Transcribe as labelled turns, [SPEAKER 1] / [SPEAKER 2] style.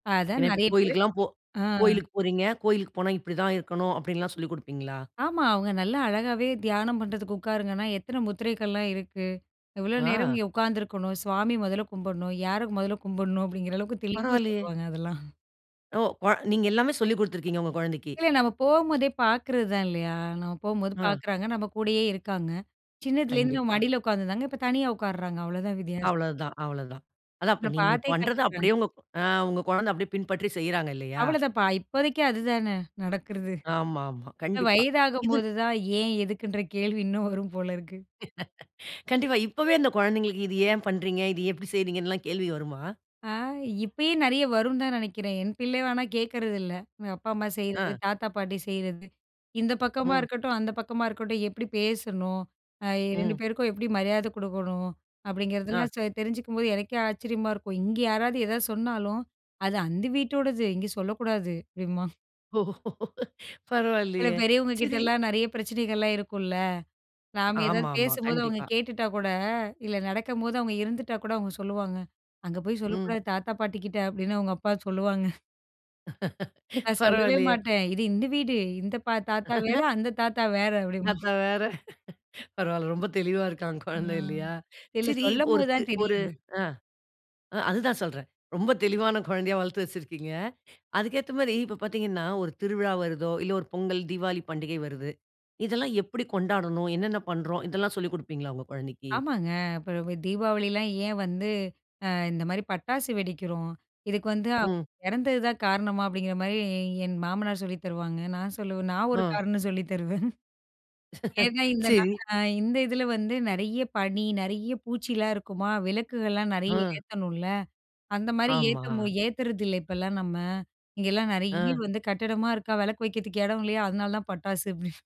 [SPEAKER 1] அதான்
[SPEAKER 2] ஏனா இப்ப
[SPEAKER 1] நிறைய பேரு
[SPEAKER 2] கோவிலுக்குலாம் போ
[SPEAKER 1] ஆ.
[SPEAKER 2] கோவிலுக்கு போறீங்க, கோவிலுக்கு போனா இப்படி தான் இருக்கனும், அப்படினுலாம் சொல்லிக் கொடுப்பீங்களா?
[SPEAKER 1] ஆமா. அவங்க நல்லா அழகாவே தியானம் பண்ணுறதுக்கு உட்காருங்கன்னா, எத்தனை முத்திரைகள்லாம் இருக்கு, எவ்வளோ நேரம்
[SPEAKER 2] ஆ.
[SPEAKER 1] இங்க உட்காந்துருக்கணும், சுவாமி மொதல்ல கும்பிடணும், யார மொதல்ல கும்பிடணும் அப்படிங்கிற அளவுக்கு தெளிவா
[SPEAKER 2] பரவாயில்லையே.
[SPEAKER 1] சொல்லுவாங்க அதெல்லாம்.
[SPEAKER 2] ஓ! கொ நீங்க எல்லாமே சொல்லிக் கொடுத்து இருக்கிங்க உங்க குழந்தைக்கு.
[SPEAKER 1] இல்ல நம்ம போம்போதே பார்க்குறது தான் இல்லையா, நம்ம போம்போது
[SPEAKER 2] ஆ.
[SPEAKER 1] பார்க்குறாங்க, நம்ப கூடயே இருக்காங்க சின்னதுலேருந்து
[SPEAKER 2] கண்டிப்பா.
[SPEAKER 1] மடியில உட்காந்துருந்தாங்க, இப்போ தனியா உட்காருறாங்க, அவ்வளோதான் வித்தியாசம்.
[SPEAKER 2] அவ்வளவு தான் அவ்வளவுதான்,
[SPEAKER 1] நம்ம
[SPEAKER 2] அதான் நீங்க
[SPEAKER 1] பார்த்தே
[SPEAKER 2] பண்ணுறத
[SPEAKER 1] கத்துக்கிறாங்க.
[SPEAKER 2] அப்படியே உங்க ஆ குழந்தை அப்படியே பின்பற்றி செய்றாங்க இல்லையா?
[SPEAKER 1] அவ்வளோதான்ப்பா, இப்போதைக்கு அதுதானே, நடக்கிறது.
[SPEAKER 2] ஆமாம்மா கண்டிப்பா. இது
[SPEAKER 1] வயதாகும்போது தான் ஏன், எதுக்குன்ற கேள்வி இன்னும் வரும் போல இருக்கு.
[SPEAKER 2] கண்டிப்பா இப்பவே இந்த குழந்தைகளுக்கு இதை ஏன் பண்றீங்க, இதை எப்படி செய்றீங்கனு கேள்வி வருமா?
[SPEAKER 1] ஆ இப்பயே நிறைய வரும்னு தான் நினைக்கிறேன், என் பிள்ளை ஆனா கேட்குறதில்ல, எங்க அப்பா அம்மா செய்றது,
[SPEAKER 2] ஆ.
[SPEAKER 1] தாத்தா பாட்டி செய்றது இந்த பக்கமா
[SPEAKER 2] ம்.
[SPEAKER 1] இருக்கட்டும், அந்த பக்கமா இருக்கட்டும், எப்படி பேசணும், அ 2
[SPEAKER 2] ம்.
[SPEAKER 1] பேருக்கும் எப்படி மரியாதை கொடுக்கணும்,
[SPEAKER 2] ஆ.
[SPEAKER 1] அப்படிங்கிறதெல்லாம் தெரிஞ்சுக்கும்போது, எனக்கே ஆச்சரியமா இருக்கும், இங்க யாராவது எத சொன்னாலும் அது அந்த வீட்டோடது, இங்க சொல்லக்கூடாது அப்படிம்பான்.
[SPEAKER 2] ஓ
[SPEAKER 1] சில
[SPEAKER 2] பரவாயில்லையே
[SPEAKER 1] பெரியவங்க
[SPEAKER 2] சரி.
[SPEAKER 1] கிட்டலாம் நிறைய பிரச்சனைகள்லாம் இருக்குல, நாம்
[SPEAKER 2] ஆமாம்,
[SPEAKER 1] ஏதாவது
[SPEAKER 2] ஆமாம்.
[SPEAKER 1] பேசும்போது அவங்க
[SPEAKER 2] கண்டிப்பா.
[SPEAKER 1] கேட்டுட்டா கூட, இல்ல நடக்கும்போது அவங்க இருந்துட்டா கூட, அவங்க சொல்லுவாங்க, அங்க போய்
[SPEAKER 2] ம்.
[SPEAKER 1] சொல்லக்கூடாது தாத்தா பாட்டி கிட்ட, அப்படின்னு அவங்க அப்பா சொல்லுவாங்க. நான் சொல்லவே
[SPEAKER 2] பரவால்லையே.
[SPEAKER 1] மாட்டேன், இது இந்த வீடு, இந்த தாத்தா வேற, அந்த தாத்தா வேற, அப்படிம்பான்.
[SPEAKER 2] தாத்தா வேற பரவாயில்ல ரொம்ப தெளிவா இருக்கா
[SPEAKER 1] ஆ.
[SPEAKER 2] குழந்தை இல்லையா,
[SPEAKER 1] இல்ல
[SPEAKER 2] சரி ஒரு
[SPEAKER 1] சொல்லம்போது
[SPEAKER 2] தெ
[SPEAKER 1] தான்
[SPEAKER 2] ஒரு
[SPEAKER 1] தெரியுது.
[SPEAKER 2] ஆ அதுதான் சொல்றேன், ரொம்ப தெளிவான குழந்தையா வளர்த்து வச்சிருக்கிங்க, அதுக்கு ஏத்த மாதிரி இப்போ பார்த்தீங்கனா, ஒரு திருவிழா வருதோ, இல்ல ஒரு பொங்கல் தீவாளி பண்டிகை வருது, இதெல்லாம் எப்படி கொண்டாடனும், என்னென்ன பண்ணுறோம், இதெல்லாம் சொல்லிக் கொடுப்பீங்களா உங்க குழந்தைக்கு?
[SPEAKER 1] ஆமாங்க. இப்போ தீபாவளிலாம் ஏன் வந்து, அ இந்த மாரி பட்டாசு வெடிக்கிறோம், இதுக்கு வந்து
[SPEAKER 2] ம்.
[SPEAKER 1] இறந்தது தான் காரணமா, அப்படிங்கிற மாரி என் மாமனார் சொல்லித் தருவாங்க, நான் சொல்லுவேன். நான் ஒரு
[SPEAKER 2] ஆ.
[SPEAKER 1] காரணம் சொல்லி தருவேன். ஏன்னா இந்த
[SPEAKER 2] சரி
[SPEAKER 1] இந்த இதில வந்து நிறைய பனி, நிறைய பூச்சிலாம் இருக்குமா விளக்குகள்லாம் நிறைய
[SPEAKER 2] ஆ.
[SPEAKER 1] ஏத்தணும்ல, அந்த மாதிரி ஏத்த
[SPEAKER 2] ஆமா.
[SPEAKER 1] ஏத்துறதில்லை இப்போலாம் நம்ம, இங்கேலாம் நிறைய
[SPEAKER 2] அ.
[SPEAKER 1] வந்து கட்டிடமா இருக்கா, விளக்கு வைக்கிறதுக்கு இடம் இல்லையா, அதனால தான் பட்டாசு, அப்டி